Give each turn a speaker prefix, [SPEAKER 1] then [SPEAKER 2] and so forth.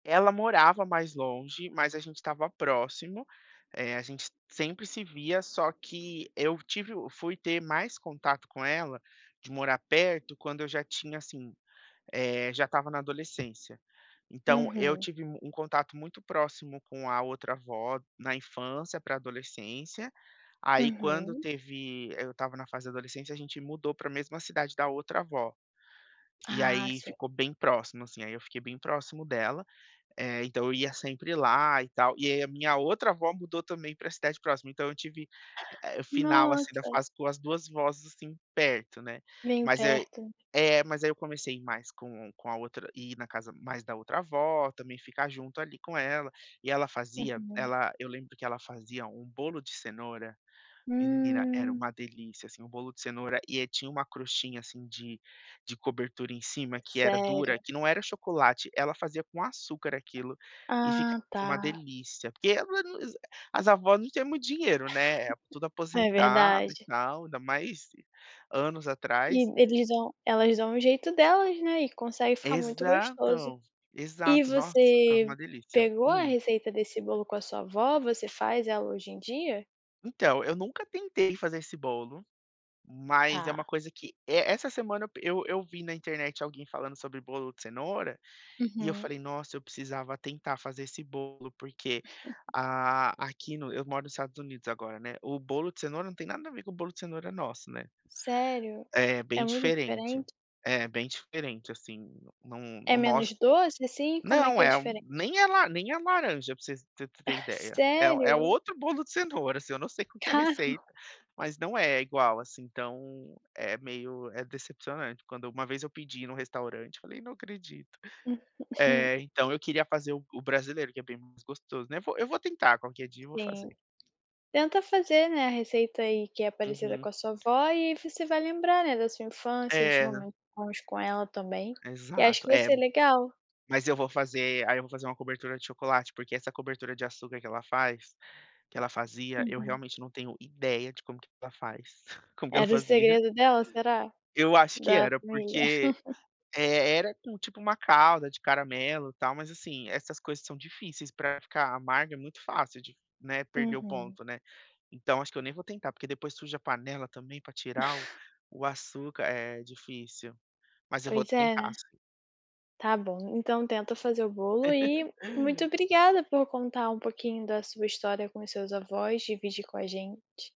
[SPEAKER 1] Ela morava mais longe, mas a gente estava próximo, eh, a gente sempre se via, só que eu tive fui ter mais contato com ela, de morar perto, quando eu já tinha, assim, eh, já estava na adolescência. Então, eu
[SPEAKER 2] Uhum.
[SPEAKER 1] tive um contato, muito próximo com a outra avó, na infância para adolescência, aí quando
[SPEAKER 2] Uhum.
[SPEAKER 1] teve eu estava na fase de adolescência, gente mudou para a mesma cidade da outra avó. E
[SPEAKER 2] Ah
[SPEAKER 1] aí
[SPEAKER 2] sim.
[SPEAKER 1] ficou bem próximo, assim, aí eu fiquei bem próximo dela, eh, então eu ia sempre lá e tal, e aí a minha outra avó, mudou também, pra cidade próxima, então, eu tive, eh, final, assim, da
[SPEAKER 2] Nossa.
[SPEAKER 1] fase com as 2 avós, assim, perto, né,
[SPEAKER 2] Bem
[SPEAKER 1] mas aí
[SPEAKER 2] perto.
[SPEAKER 1] é, mas ai eu comecei mais com com a outra, ir na casa mais da outra avó, também ficar junto ali com ela. E ela fazia,
[SPEAKER 2] Uhum.
[SPEAKER 1] ela eu lembro que ela fazia, um bolo de cenoura, menina era um
[SPEAKER 2] Hum.
[SPEAKER 1] delícia, assim, um bolo de cenoura, e tinha um "crostinha", assim, de de cobertura em cima que era
[SPEAKER 2] Sério.
[SPEAKER 1] dura, que não era chocolate. Ela fazia com açúcar aquilo, e
[SPEAKER 2] Ah
[SPEAKER 1] ficava
[SPEAKER 2] tá.
[SPEAKER 1] um delícia, porque, [unintelligible] as avós não tinham muito dinheiro, né, tudo
[SPEAKER 2] É
[SPEAKER 1] aposentado e
[SPEAKER 2] verdade.
[SPEAKER 1] tal, ainda mais anos
[SPEAKER 2] E
[SPEAKER 1] atrás.
[SPEAKER 2] eles dão elas dão o jeito delas, né, e consegue ficar muito gostoso.
[SPEAKER 1] Exato,
[SPEAKER 2] E
[SPEAKER 1] exato, nossa, ficava
[SPEAKER 2] você
[SPEAKER 1] uma delícia,
[SPEAKER 2] pegou, a
[SPEAKER 1] hum.
[SPEAKER 2] receita desse bolo, com a sua avó, você faz ela hoje em dia?
[SPEAKER 1] Então, eu nunca tentei fazer esse bolo, mas é uma
[SPEAKER 2] Tá.
[SPEAKER 1] coisa que, essa semana, eu eu vi na internet alguém falando sobre bolo de cenoura, e eu
[SPEAKER 2] Uhum.
[SPEAKER 1] falei: "Nossa, eu precisava tentar, fazer esse bolo", porque, a aqui no eu moro nos Estados Unidos agora, né, o bolo de cenoura, não tem nada a ver, com o bolo de cenoura nosso, né.
[SPEAKER 2] Serio,
[SPEAKER 1] É
[SPEAKER 2] é
[SPEAKER 1] bem
[SPEAKER 2] muito
[SPEAKER 1] diferente,
[SPEAKER 2] diferente?
[SPEAKER 1] é bem diferente, assim, não não
[SPEAKER 2] É
[SPEAKER 1] o
[SPEAKER 2] menos
[SPEAKER 1] nosso
[SPEAKER 2] doce, assim? Como é
[SPEAKER 1] não
[SPEAKER 2] que é
[SPEAKER 1] é,
[SPEAKER 2] diferente?
[SPEAKER 1] nem é la nem é laranja, para você para você ter ideia, é é
[SPEAKER 2] Sério?
[SPEAKER 1] outro bolo de cenoura, assim, eu não sei qual que é a receita,
[SPEAKER 2] Carro.
[SPEAKER 1] mas não é igual, assim, então é meio é decepcionante, quando, uma vez eu pedi no restaurante, eu falei: "Não acredito", eh, então, eu queria fazer o brasileiro, que é bem mais gostoso, né, vou, eu vou tentar, qualquer dia eu vou
[SPEAKER 2] Sim.
[SPEAKER 1] fazer.
[SPEAKER 2] Tenta fazer, né, a receita aí, que é parecida,
[SPEAKER 1] Uhum.
[SPEAKER 2] com a sua avó e você vai lembrar, né, da sua infância, dos
[SPEAKER 1] É.
[SPEAKER 2] momentos bons, com ela também, e acho
[SPEAKER 1] Exato,
[SPEAKER 2] que vai
[SPEAKER 1] é,
[SPEAKER 2] ser legal.
[SPEAKER 1] mas eu vou fazer, aí eu vou fazer, uma cobertura de chocolate, porque essa cobertura de açúcar, que ela faz que ela fazia, eu
[SPEAKER 2] Uhum.
[SPEAKER 1] realmente, não tenho ideia, de como que ela faz, como que ela
[SPEAKER 2] Era o
[SPEAKER 1] fazia.
[SPEAKER 2] segredo dela, será?
[SPEAKER 1] Eu acho que
[SPEAKER 2] Da
[SPEAKER 1] era,
[SPEAKER 2] família.
[SPEAKER 1] porque, eh, era tipo, uma calda de caramelo tal mas, assim, essas coisas são difíceis, para ficar amarga. É muito fácil de, né, perder o
[SPEAKER 2] Uhum.
[SPEAKER 1] ponto, né, então acho que, eu nem vou tentar, porque depois suja a panela também, para tirar o o açúcar é difícil, mas eu vou
[SPEAKER 2] Pois é,
[SPEAKER 1] tentar
[SPEAKER 2] né.
[SPEAKER 1] sim.
[SPEAKER 2] Está bom então, tenta fazer o bolo, e muito obrigada por contar, um pouquinho da sua história, com os seus avós, dividir com a gente.